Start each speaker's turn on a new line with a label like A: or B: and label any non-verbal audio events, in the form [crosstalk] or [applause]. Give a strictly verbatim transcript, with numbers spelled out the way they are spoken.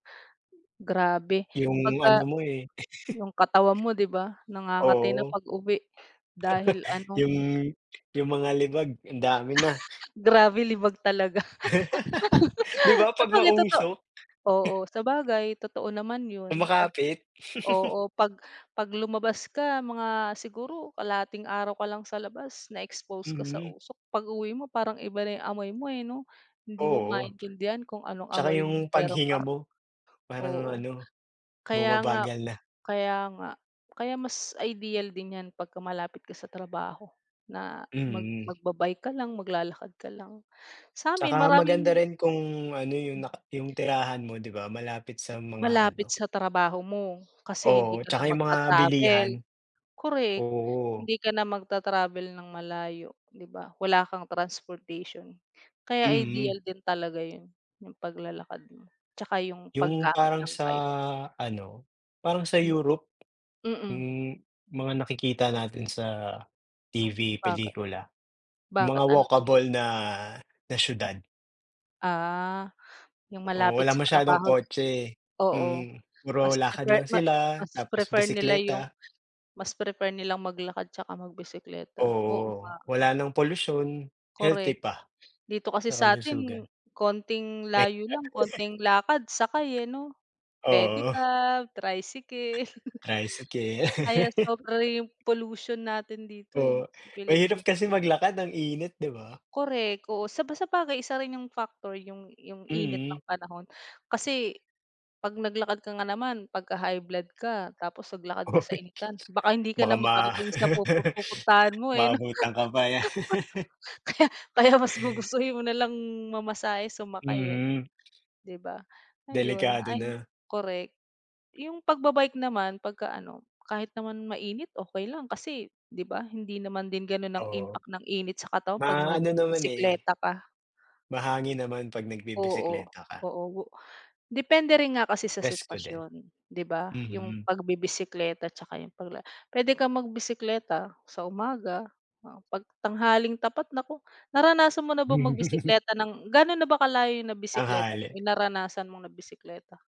A: Grabe
B: Yung ano
A: pagka
B: mo eh. [laughs]
A: yung katawan mo, di ba, nangangati na
B: Oo.
A: pag-uwi dahil
B: [laughs]
A: ano
B: Yung yung mga libag ang dami na.
A: [laughs] Grabe libag talaga.
B: [laughs] Di
A: [laughs]
B: ba 'pag
A: Actually, totoo
B: mausok?
A: oo, sabagay totoo naman yun 'pag
B: Kumakapit? [laughs]
A: oo, 'pag 'pag lumabas ka mga siguro kalahating araw ka lang sa labas na-expose ka sa
B: Mm.
A: usok, pag-uwi mo parang iba na yung amoy mo eh, 'no? Hindi mo
B: Oo,
A: maintindihan kung anong
B: tsaka
A: amoy
B: yung
A: meron
B: paghinga
A: ka.
B: mo, parang
A: Oo.
B: ano
A: Kaya nga
B: bumabagal na.
A: kaya nga. Kaya mas ideal din yan pagka malapit ka sa trabaho na mag
B: Mm.
A: magba-bike ka lang, maglalakad ka lang. Sa'min
B: Tsaka maganda
A: maraming
B: rin kung ano, yung
A: Hmm.
B: na yung tirahan mo, di ba, malapit sa mga ano.
A: Malapit sa trabaho mo, kasi hindi
B: Oo,
A: ka na
B: tsaka yung mga
A: magta-travel.
B: bilihan.
A: Korek,
B: Oo.
A: hindi ka na magta-travel ng malayo, di ba? Wala kang transportation, kaya ideal
B: Mhm.
A: din talaga yun yung paglalakad mo tsaka yung
B: Yung
A: paggamit
B: parang
A: ng
B: sa
A: bike.
B: ano, parang sa
A: Hmm.
B: Europe?
A: Mm.
B: Yung mga nakikita natin sa T-V,
A: Baki
B: pelikula, mga
A: bakit ano din?
B: walkable na na siyudad.
A: Ah, yung
B: Oo,
A: malapit
B: wala
A: sa
B: masyadong
A: trabaho,
B: kotse,
A: oo.
B: mm, puro
A: Mas
B: lakad
A: prefer
B: lang
A: ma
B: sila
A: mas
B: tapos
A: prefer nila yung
B: bisekleta.
A: mas prefer nilang maglakad tsaka magbisekleta. Oo
B: Oo,
A: nga.
B: wala ng polusyon healthy
A: Korek.
B: pa
A: Dito kasi
B: sa
A: sa atin
B: kalusugan.
A: konting
B: Pedicab.
A: layo lang,
B: [laughs]
A: konting lakad, sakay eh, 'no?
B: Oo.
A: Pedicab, tricycle. [chuckles]
B: Tricycle.
A: Kaya
B: [laughs]
A: sobra yung pollution natin dito eh
B: Oo,
A: sa
B: mahirap
A: Pilipinas.
B: kasi maglakad. Ang init, di ba?
A: Korek, oo, saba sabagay, isa rin yung factor, yung yung init
B: Mm.
A: ng panahon. Kasi 'pag naglakad ka nga naman, pagka high blood ka tapos naglakad ka sa
B: Uy,
A: initan baka hindi ka
B: baka
A: na
B: ma
A: makarating sa pupu pupuntahan mo
B: [laughs]
A: eh, 'no?
B: maabutan ka pa yan. [laughs]
A: [laughs] Kaya kaya mas gugustuhin mo nalang mamasahe, sumakay eh 'no,
B: Mhm.
A: di ba, ayon.
B: Delikado
A: Ay,
B: na.
A: korek. Yung pagba-bike naman, pagka ano, kahit naman mainit, okey lang, kasi, di ba, hindi naman din gano'n ang
B: Oo.
A: impact ng init sa katawan 'pag
B: Maano naman eh.
A: nagbibisekleta ka.
B: Mahangin naman 'pag
A: Oo,
B: nagbibisekleta ka.
A: oo. Depende rin nga kasi sa
B: Presko din.
A: sitwasyon, 'di ba, yung
B: Mhm.
A: pagbibisekleta tsaka yung pagla puwede kang magbisikleta sa umaga, oo, 'pag tanghaling tapat naku. Naranasan mo na bang
B: [laughs]
A: mag-bisikleta ng ga'no na ba kalayo nabisekleta mo,
B: Tanghali.
A: yung naranasan mong nabisekleta?